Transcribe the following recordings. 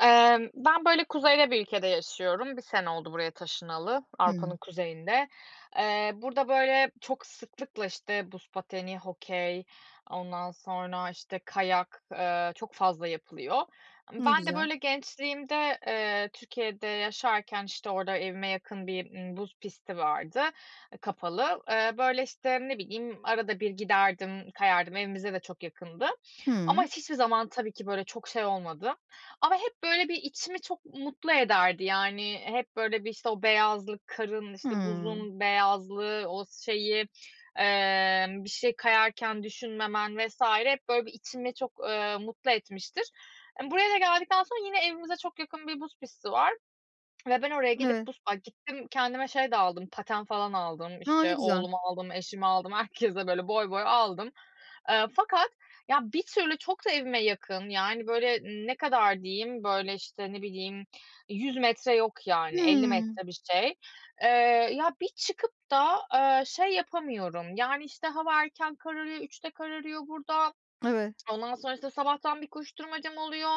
Emm, ben böyle kuzeyde bir ülkede yaşıyorum. Bir sene oldu buraya taşınalı, Avrupa'nın Hıı. kuzeyinde. Eee, burada böyle çok sıklıkla işte, buz pateni, hokey, ondan sonra işte, kayak, eee, çok fazla yapılıyor. Imm, Ne ben de güzel. böyle gençliğimde, eee, Türkiye'de yaşarken işte, orada evime yakın bir, ııı, buz pisti vardı. I kapalı. Böyle işte, ne bileyim, arada bir giderdim, kayardım. Evimize de çok yakındı Hı. ama hiçbir zaman tabii ki böyle çok şey olmadı ama hep böyle bir içimi çok mutlu ederdi. Yani, hep böyle bir işte, o beyazlık, karın işte, Hıı. buzun beyazlığı, o şeyi, eee, bir şey kayarken düşünmemen vs. hep böyle bir içimi çok, eee, mutlu etmiştir. Imm, buraya da geldikten sonra yine evimize çok yakın bir buz pisti var ve ben oraya gidip Evet. buz ay, gittim, kendime şey de aldım, paten falan aldım A, ne işte, güzel! oğluma aldım, eşime aldım, herkese böyle boy boy aldım, eee, fakat ya, bir türlü çok da evime yakın yani, böyle ne kadar diyeyim, böyle işte, ne bileyim, 100 metre yok yani, 50 Hıı. metre bir şey. Eee, ya, bir çıkıp da, eee, şey yapamıyorum. Yani işte, hava erken kararıyor, 3'te kararıyor burada. Evet. Ondan sonrasında sabahtan bir koşturmacam oluyor.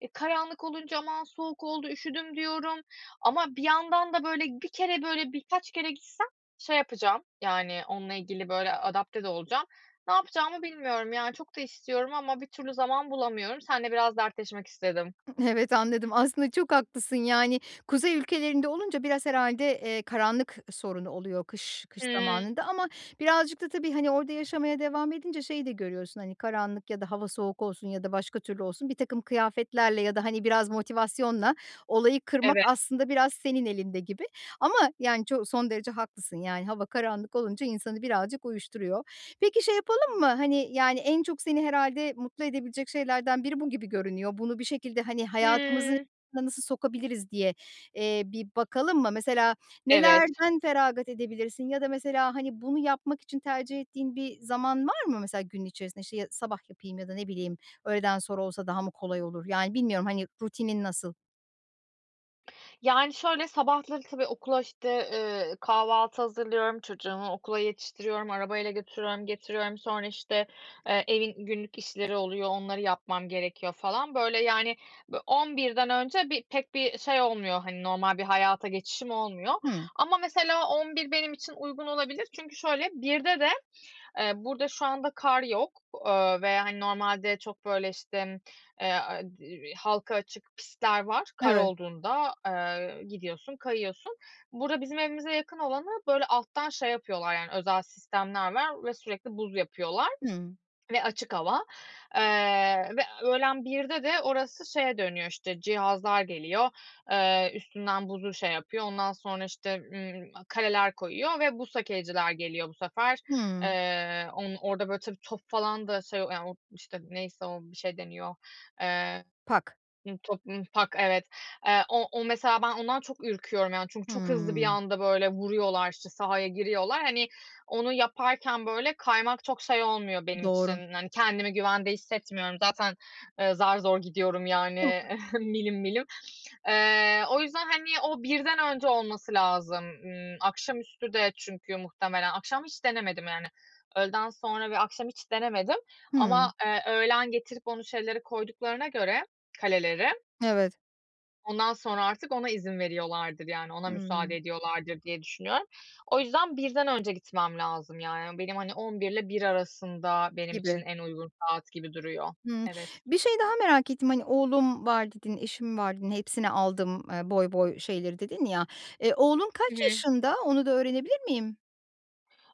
Eee, karanlık olunca "Aman, soğuk oldu, üşüdüm," diyorum ama bir yandan da böyle 1 kere, böyle birkaç kere gitsem şey yapacağım yani, onunla ilgili böyle adapte de olacağım. Ne yapacağımı bilmiyorum yani, çok da istiyorum ama bir türlü zaman bulamıyorum. Seninle biraz dertleşmek istedim. Hı. Evet, anladım. Aslında çok haklısın. Yani, kuzey ülkelerinde olunca biraz herhâlde, eee, karanlık sorun oluyor kış kış Hıı. zamanında ama birazcık da tabii hani, orada yaşamaya devam edince şeyi de görüyorsun. Hani, karanlık ya da hava soğuk olsun ya da başka türlü olsun, birtakım kıyafetlerle ya da hani, biraz motivasyonla olayı kırmak Evet. aslında biraz senin elinde gibi. Ama yani, ço son derece haklısın. Yani, hava karanlık olunca insanı birazcık uyuşturuyor. Peki, şey yapalım mı? Hani, yani, en çok seni herhâlde mutlu edebilecek şeylerden biri bu gibi görünüyor. Bunu bir şekilde hani, hayatımızı [unintelligible] Hıı. nasıl sokabiliriz diye, eee, bir bakalım mı? Mesela, Evet. nelerden feragat edebilirsin ya da mesela hani, bunu yapmak için tercih ettiğin bir zaman var mı? Mesela, günün içerisinde, şey, sabah yapayım ya da ne bileyim, öğleden sonra olsa daha mı kolay olur? Yani, bilmiyorum hani, rutinin nasıl? Yani şöyle, sabahları tabii okula işte, eee, kahvaltı hazırlıyorum, çocuğumu okula yetiştiriyorum, arabayla götürüyorum, getiriyorum. Sonra işte, eee, evin günlük işleri oluyor, onları yapmam gerekiyor falan böyle yani, bö 11'den önce bi pek bir şey olmuyor hani, normal bir hayata geçişim olmuyor Hımm. ama mesela 11 benim için uygun olabilir. Çünkü şöyle, 1'de de, eee, burada şu anda kar yok, eee, ve hani, normalde çok böyle işte, m eee, a i vi halka açık pistler var kar Evet. olduğunda, eee, gidiyorsun, kayıyorsun. Burada bizim evimize yakın olanı böyle, alttan şey yapıyorlar yani, özel sistemler var ve sürekli buz yapıyorlar Hımm. ve açık hava, eee, ve öğlen 1'de de orası şeye dönüyor işte, cihazlar geliyor, eee, üstünden buzu şey yapıyor, ondan sonra işte, ımm, kaleler koyuyor ve buz hokeyciler geliyor bu sefer. Hımm. Eee, on orada böyle tabii top falan da şey, o yani, o işte neyse o, bir şey deniyor, eee, Pak. ımm, top, ımm, pak evet, eee, o o mesela ben ondan çok ürküyorum yani, çünkü çok hızlı bir Hımm. anda böyle vuruyorlar işte, sahaya giriyorlar hani, onu yaparken böyle kaymak çok şey olmuyor benim Doğru. için hani, kendimi güvende hissetmiyorum. Zaten, eee, zar zor gidiyorum yani, [unintelligible] milim milim. Eee, o yüzden hani, o 1'den önce olması lazım. Imm, akşamüstü de çünkü muhtemelen, akşam hiç denemedim yani. Öğleden sonra ve akşam hiç denemedim Hımm. ama, eee, öğlen getirip onu, şeyleri koyduklarına göre kaleleri Evet. ondan sonra artık ona izin veriyorlardır, yani, ona müsaade Hımm. ediyorlardır diye düşünüyorum. O yüzden 1'den önce gitmem lazım, yani, benim, hani, 11 ile 1 arasında benim için Gibi. en uygun saat gibi duruyor Hımm. Evet. Bir şey daha merak ettim: Hani, "oğlum var" dedin, "eşim var" dedin, "hepsine aldım, eee, boy boy şeyleri" dedin ya, eee, oğlun Hı kaç hı. yaşında? Onu da öğrenebilir miyim?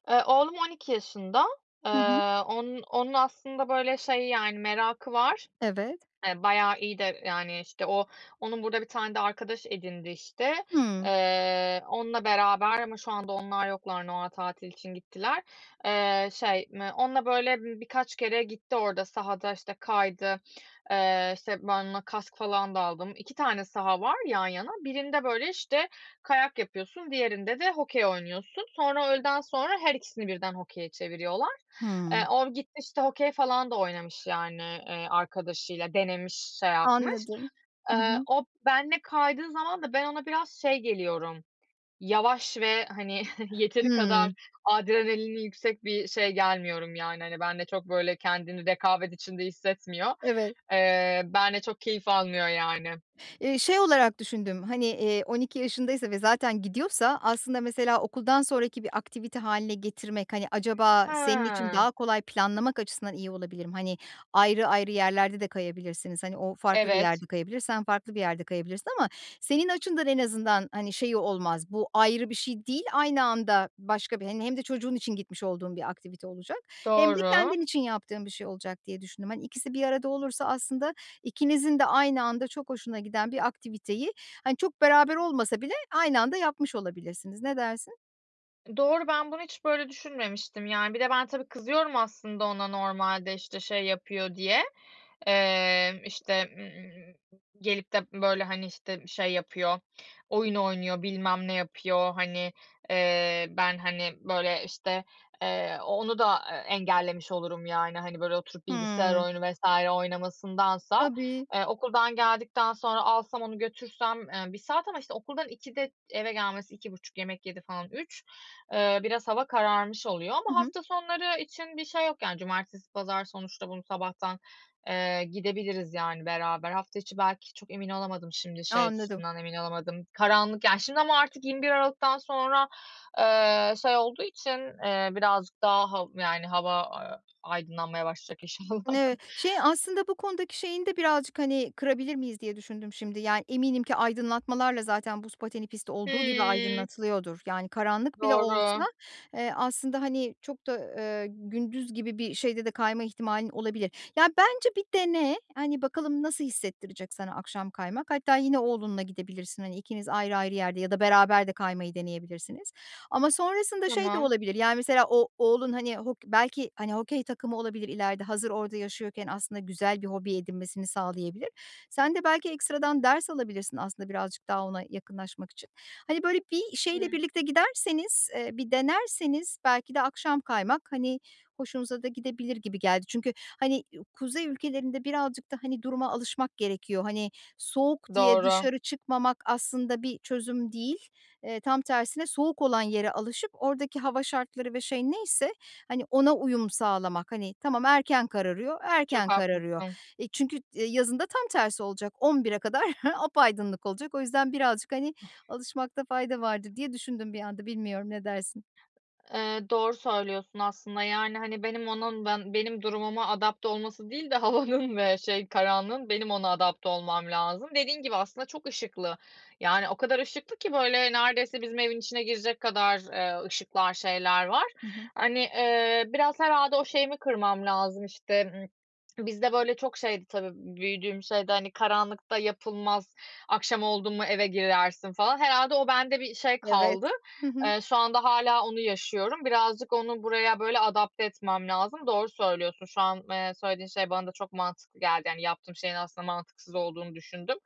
Eee, oğlum 12 yaşında. Eee, Hı hı. on onun aslında, böyle, şey, yani, merakı var. Evet. Hani, bayağı iyi de, yani, işte, o onun burada bir tane de arkadaş edindi işte. Hıı. Eee, onunla beraber ama şu anda onlar yoklar, Noel tatili için gittiler. Eee, şey, m onunla, böyle, ımm, birkaç kere gitti orada sahada, işte, kaydı. Eee, işte, ben ona kask falan da aldım. 2 tane saha var yan yana birinde, böyle, işte, kayak yapıyorsun, diğerinde de hokey oynuyorsun. Sonra öğleden sonra her ikisini birden hokeye çeviriyorlar. Hıı. Eee, o gitti, işte, hokey falan da oynamış. Yani, eee, arkadaşıyla denemiş, şey yapmış. Anladım. Hı Eee, hı. o benimle kaydığı zaman da ben ona biraz şey geliyorum. Yavaş ve, hani, yeteri kadar Hıı. adrenalini yüksek bir şey gelmiyorum yani. Hani, benimle çok, böyle, kendini rekabet içinde hissetmiyor. Evet. Eee, benimle çok keyif almıyor, yani. Eee, şey olarak düşündüm: Hani, eee, 12 yaşındaysa ve zaten gidiyorsa aslında, mesela, okuldan sonraki bir aktivite hâline getirmek, hani, acaba senin için He. daha kolay planlamak açısından iyi olabilir mi? Hani, ayrı ayrı yerlerde de kayabilirsiniz. Hani, o farklı bir Evet. yerde kayabilir, sen farklı bir yerde kayabilirsin ama senin açından en azından, hani, şeyi olmaz. Bu ayrı bir şey değil, aynı anda başka bir, hani, hem de çocuğun için gitmiş olduğun bir aktivite olacak hem de Doğru. kendin için yaptığın bir şey olacak diye düşündüm. Hani, ikisi bir arada olursa aslında ikinizin de aynı anda çok hoşuna giden bir aktiviteyi, hani, çok beraber olmasa bile aynı anda yapmış olabilirsiniz. Ne dersin? Doğru, ben bunu hiç böyle düşünmemiştim. Yani, bir de ben tabii kızıyorum aslında ona normalde. İşte, şey yapıyor diye. Eee, işte, ımm, gelip de, böyle, hani, işte, şey yapıyor: Oyun oynuyor, bilmem ne yapıyor, hani, eee, ben, hani, böyle, işte, eee, o onu da, eee, engellemiş olurum. Yani, hani, böyle oturup bilgisayar Hıı. oyunu vs. oynamasındansa, Tabii. eee, okuldan geldikten sonra alsam onu götürsem, eee, 1 saat ama, işte, okuldan 2'de eve gelmesi 2.30 yemek yedi falan 3. Eee, biraz hava kararmış oluyor Hı ama hı. hafta sonları için bir şey yok. Yani, cumartesi, pazar sonuçta bunu sabahtan, eee, gidebiliriz yani beraber. Hafta içi belki çok emin olamadım şimdi A, şey anladım. açısından emin olamadım. Karanlık, yani, şimdi ama artık 21 Aralık'tan sonra, eee, şey olduğu için, eee, birazcık daha hav yani, hava, eee, aydınlanmaya başlayacak inşallah. Ni şey, "Aslında bu konudaki şeyini de birazcık, hani, kırabilir miyiz?" diye düşündüm şimdi. Yani, eminim ki aydınlatmalarla zaten buz pateni pisti olduğu gibi Hıı. aydınlatılıyordur. Yani, karanlık bile olsa, Doğru. eee, aslında, hani, çok da, eee, gündüz gibi bir şeyde de kayma ihtimalin olabilir. Yani, bence bir dene, hani, bakalım nasıl hissettirecek sana akşam kaymak. Hatta yine oğlunla gidebilirsin, hani, ikiniz ayrı ayrı yerde ya da beraber de kaymayı deneyebilirsiniz. Ama sonrasında şey de Tamam. olabilir, yani, mesela o oğlun, hani, hok belki, hani, hokey takımı olabilir ileride. Hazır orada yaşıyorken aslında güzel bir hobi edinmesini sağlayabilir. Sen de belki ekstradan ders alabilirsin aslında birazcık daha ona yakınlaşmak için. Hani, böyle, bir Hıı. şeyle birlikte giderseniz, eee, bir denerseniz belki de akşam kaymak, hani, hoşunuza da gidebilir gibi geldi. Çünkü, hani, iii, kuzey ülkelerinde birazcık da, hani, duruma alışmak gerekiyor. Hani, soğuk diye Doğru. dışarı çıkmamak aslında bir çözüm değil. Eee, tam tersine soğuk olan yere alışıp oradaki hava şartları ve şey neyse, hani, ona uyum sağlamak. Hani, tamam, erken kararıyor, Çok erken kararıyor. haklısın. Eee, çünkü t eee, yazın da tam tersi olacak. 11'e kadar apaydınlık olacak. O yüzden birazcık, hani, alışmakta fayda vardır diye düşündüm bir anda. Bilmiyorum, ne dersin? Eee, doğru söylüyorsun aslında. Yani, hani, benim onun ban benim durumuma adapte olması değil de havanın ve şey, karanlığın; benim ona adapte olmam lazım. Dediğin gibi aslında çok ışıklı. Yani, o kadar ışıklı ki, böyle, neredeyse bizim evin içine girecek kadar, eee, ışıklar, şeyler var. Hı hı. Hani, eee, biraz herhâlde o şeyimi kırmam lazım, işte. Iıı, bizde böyle çok şeydi tabii, büyüdüğüm şeyde, hani, "Karanlıkta yapılmaz, akşam oldum mu eve girersin." falan. Herhâlde o bende bir şey Evet, kaldı. hı hı. Eee, şu anda hâlâ onu yaşıyorum. Birazcık onu buraya böyle adapte etmem lazım. Doğru söylüyorsun, şu an, eee, söylediğin şey bana da çok mantıklı geldi. Hani, yaptığım şeyin aslında mantıksız olduğunu düşündüm.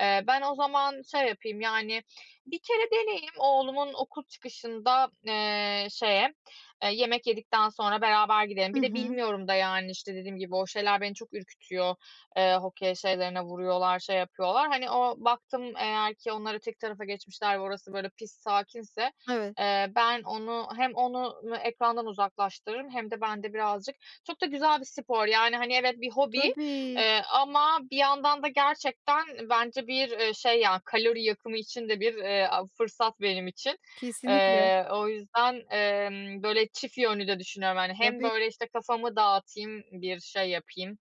Eee, ben o zaman şey yapayım, yani, 1 kere deneyeyim. Oğlumun okul çıkışında, eee, şeye, eee, yemek yedikten sonra beraber gidelim. Hı Bir de hı. bilmiyorum da yani. İşte, dediğim gibi, o şeyler beni çok ürkütüyor, eee, hokey şeylerine vuruyorlar, şey yapıyorlar. Hani, o baktım, eğer ki onları tek tarafa geçmişler, orası, böyle, pist sakinse, Evet. eee, ben onu hem onu n ekrandan uzaklaştırırım hem de ben de birazcık Çok da güzel bir spor yani. Hani, evet, bir hobi, Tabii. eee, ama bir yandan da gerçekten bence bir, eee, şey ya, kalori yakımı için de bir, eee, a fırsat benim için. Kesinlikle. Eee, o yüzden, emm, böyle çift yönlü de düşünüyorum yani. Hem Tabii. böyle, işte, kafamı dağıtayım, bir şey yapayım,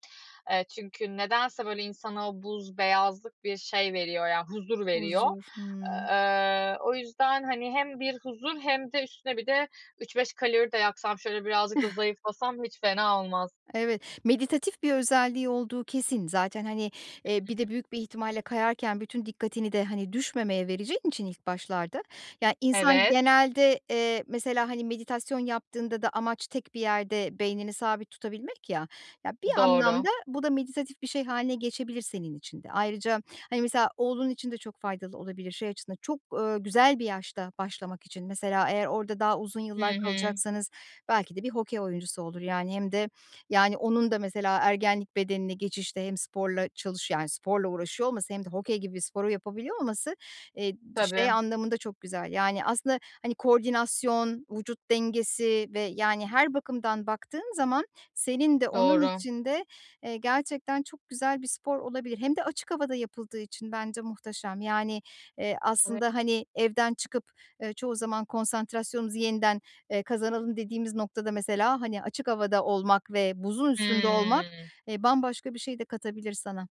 eee, çünkü nedense, böyle, insana o buz, beyazlık bir şey veriyor ya, huzur veriyor. Huzur, hımm. Eee, o yüzden, hani, hem bir huzur hem de üstüne bir de 3-5 kalori de yaksam, şöyle birazcık da zayıflasam hiç fena olmaz. Evet, meditatif bir özelliği olduğu kesin. Zaten, hani, eee, bir de [unintelligible] büyük bir ihtimalle kayarken bütün dikkatini de, hani, düşmemeye vereceğin için ilk başlarda, ya, insan Evet. genelde, eee, mesela, hani, meditasyon yaptığında da amaç tek bir yerde beynini sabit tutabilmek ya. Ya, bir Doğru. anlamda bu da meditatif bir şey hâline geçebilir senin için de. Ayrıca, hani, mesela, oğlun için de çok faydalı olabilir şey açısından. Çok, eee, güzel bir yaşta başlamak için. Mesela, eğer orada daha uzun Hı yıllar hı. kalacaksanız belki de bir hokey oyuncusu olur. Yani hem de yani, onun da mesela ergenlik bedenine geçişte hem sporla çalış yani, sporla uğraşıyor olması hem de hokey gibi bir sporu yapabiliyor olması, eee, d şey Tabii. anlamında çok güzel. Yani, aslında, hani, koordinasyon, vücut dengesi ve, yani, her bakımdan baktığın zaman senin de onun Doğru. için de, eee, gerçekten çok güzel bir spor olabilir. Hem de açık havada yapıldığı için bence muhteşem. Yani, eee, [unintelligible] aslında, hani, evden çıkıp, eee, çoğu zaman konsantrasyonumuzu yeniden, eee, kazanalım dediğimiz noktada mesela, hani, açık havada olmak ve buzun üstünde olmak, Hıı. eee, bambaşka bir şey de katabilir sana.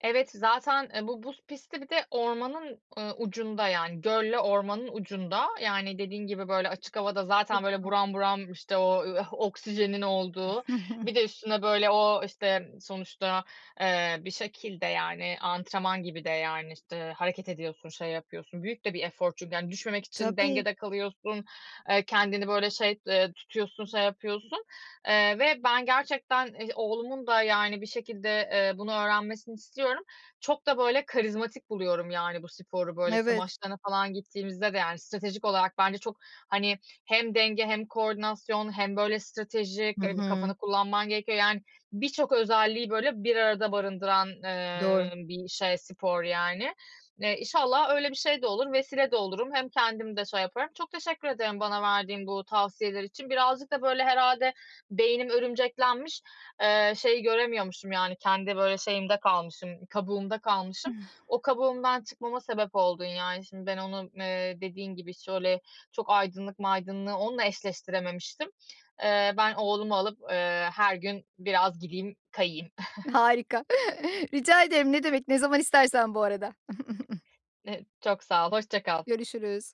Evet, zaten, e, bu buz pisti bir de ormanın, ııı, ucunda. Yani gölle ormanın ucunda. Yani dediğin gibi, böyle, açık havada zaten, Çok böyle, güzel. buram buram, işte, o oksijenin olduğu, bir de üstüne, böyle, o, işte, sonuçta, eee, bir şekilde, yani, antrenman gibi de. Yani, işte, hareket ediyorsun, şey yapıyorsun. Büyük de bir efor çünkü. Yani düşmemek için Tabii. dengede kalıyorsun, eee, kendini, böyle, şey, t eee, tutuyorsun, şey yapıyorsun. Eee, ve ben gerçekten i oğlumun da, yani, bir şekilde, eee, bunu öğrenmesini istiyorum. Çok da, böyle, karizmatik buluyorum yani bu sporu. Böyle, işte, Evet. maçlarına falan gittiğimizde de, yani, stratejik olarak bence çok, hani, hem denge hem koordinasyon hem, böyle, Hı stratejik, eee, bir hı. kafanı kullanman gerekiyor. Yani birçok özelliği, böyle, bir arada barındıran, Doğru. eee, bir şey, spor yani. Eee, inşallah öyle bir şey de olur, vesile de olurum. Hem kendimi de şey yaparım. Çok teşekkür ederim bana verdiğin bu tavsiyeler için. Birazcık da, böyle, herhâlde beynim örümceklenmiş, eee, şeyi göremiyormuşum. Yani kendi, böyle, şeyimde kalmışım, kabuğumda kalmışım. O kabuğumdan çıkmama sebep oldun yani. Şimdi ben onu, eee, dediğin gibi, şöyle çok aydınlık maydınlığı onunla eşleştirememiştim. Eee, ben oğlumu alıp, eee, her gün biraz gideyim, kayayım. Harika, rica ederim. Ne demek? Ne zaman istersen bu arada. Eee, çok sağ ol, hoşça kal. Görüşürüz.